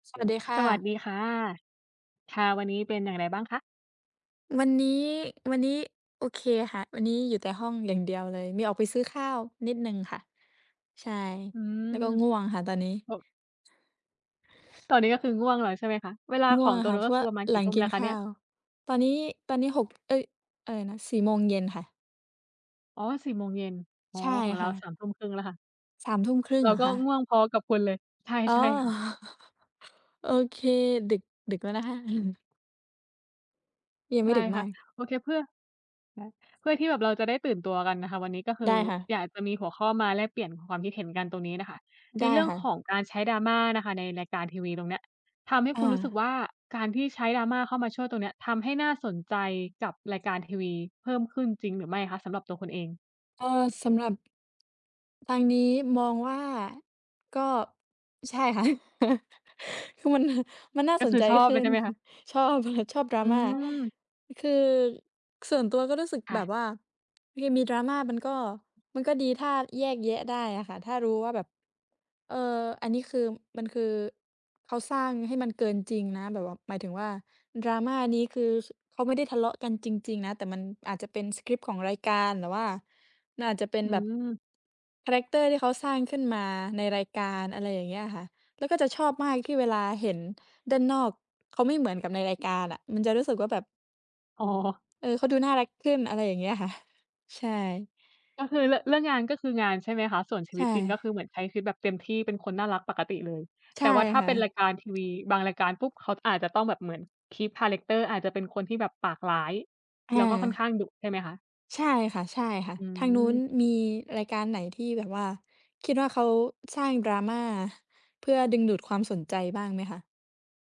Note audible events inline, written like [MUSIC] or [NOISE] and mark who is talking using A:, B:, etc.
A: สวัสดีค่
B: สวัส
A: ะ
B: ดีค่ะ ค่ะ วันนี้เป็นอย่างไรบ้างคะ?
A: วันนี้ วันนี้โอเคค่ะ วันนี้อยู่แต่ห้องอย่างเดียวเลย มีออกไปซื้อข้าวนิดหนึ่งค่ะ ใช่
B: อื
A: แล้วก็
B: ม
A: ง่วงค่ะตอนนี้
B: 6 ตอนนี้ก็คือง่วงนอนใช่ไหมคะ? เวลา
A: ง
B: ข
A: ่ว
B: อ
A: ง
B: ง
A: อะ
B: ตัว
A: ค่
B: น
A: ะ
B: ู้
A: เ
B: น
A: พรา
B: ก็
A: ะว
B: ค
A: ่
B: ื
A: า
B: อประมาณ
A: ห
B: ก
A: ล
B: ี่
A: ัง
B: ทุ่ม
A: กิ
B: แล
A: น
B: ้วค
A: ข
B: ะเ
A: ้
B: นี่
A: า
B: ย?
A: ว ตอนนี้ ตอนนี้ 6 เอ๊ย อะไรนะ 4 โมงเย็นค่ะ
B: อ๋อ 4 โมงเย็น อ๋อ
A: ใช่
B: ของเร
A: ค
B: า
A: ่
B: ส
A: ะ
B: ามทุ่มครึ่ง แล้วค่ะ
A: 3 ทุ่มครึ่ง
B: เร
A: เ
B: า
A: หรอ
B: ก็
A: คะ?
B: ง่วงพอกับคุณเลย ใช่
A: อ๋อ
B: ใช่ค่ะ
A: [CHUCKLES] โอเค ดึก ดึกแล้วนะคะ [CHUCKLES] ยังไ
B: ใ
A: ม
B: ช
A: ่
B: ่
A: ดึกม
B: ค่
A: า
B: ะ
A: ก
B: โอเค เพื่อ แล้ว เพื่อที่แบบเราจะได้ตื่นตัวกันน่ะค่ะ วันนี้ก็ค
A: ไ
B: ื
A: ด้
B: อ
A: ค่ะ
B: อยากจะมีหัวข้อมาแลกเปลี่ยนความคิดเห็นกันตรงนี้น่ะค่ะ
A: ไ
B: ใ
A: ด
B: น
A: ้
B: เรื่อ
A: ค
B: ง
A: ่ะ
B: ของการใช้ drama น่ะค่ะ ในรายการทีวีตรงเนี้ย ทำให้
A: อ
B: คุณ
A: า
B: รู้สึกว่า การที่ใช้ drama เข้ามาช่วยตรงนี้ทำให้น่าสนใจกับรายการทีวีเพิ่มขึ้นจริงหรือไม่คะ สำหรับตัวคุณเอง?
A: เอ่อ สำหรับ ทางนี้มองว่าก็ ใช่ค่ะ [CHUCKLES] คือมัน [CHUCKLES] มันน่า
B: ก็
A: ส
B: ค
A: น
B: ือ
A: ใจ
B: ชอบ
A: ข
B: เล
A: ึ้
B: ยใ
A: น
B: ช่ไหมคะ?
A: [CHUCKLES] ชอบ อะไร ชอบ
B: อื
A: drama
B: ม
A: คือส่วนตัวก็รู้สึก
B: ค่
A: แบ
B: ะ
A: บว่า คือมี drama มันก็ มันก็ดีถ้าแยกแยะได้อะค่ะ ถ้ารู้ว่าแบบ เอ่อ อันนี้คือมันคือเขาสร้างให้มันเกินจริงนะ แบบว่าหมายถึงว่า drama นี้คือเขาไม่ได้ทะเลาะกันจริง ๆ นะ แต่มันอาจจะเป็นสกริปต์ของรายการ หรือว่ามันอาจจะเป็น
B: อื
A: แบบ
B: ม
A: คาแรกเตอร์ที่เขาสร้างขึ้นมาในรายการ อะไรอย่างเงี้ยค่ะ แล้วก็จะชอบมากที่เวลาเห็นด้านนอกเขาไม่เหมือนกับในรายการอะ มันจะรู้สึกว่าแบบ
B: อ๋อ
A: เออ เขาดูน่ารักขึ้น อะไรอย่างเงี้ย ค่ะ ใช่
B: ก็คือเรือ เรื่องงานก็คืองานใช่ไหมคะ? ส่วนชี
A: ใช
B: วิตจริง ก็
A: ่
B: คือเหมือนใช้ชีวิตแบบเต็มที่ เป็นคนน่ารักปกติเลย
A: ใช
B: แต
A: ่
B: ่ว่าถ้า
A: ค่
B: เป
A: ะ
B: ็นรายการทีวีบางรายการปุ๊บ เขาอาจจะต้องแบบเหมือน keep คาแรกเตอร์ อาจจะเป็นคนที่แบบปากร้าย
A: อ
B: แล้
A: า
B: วก็ค่อนข้างดุใช่ไหมคะ?
A: ใช่ค่ะ
B: อื
A: ๆ ทางนู้น
B: ม
A: มีรายการไหนที่แบบว่า คิดว่าเขาสร้าง drama เพื่อดึงดูดความสนใจบ้างไหมคะ?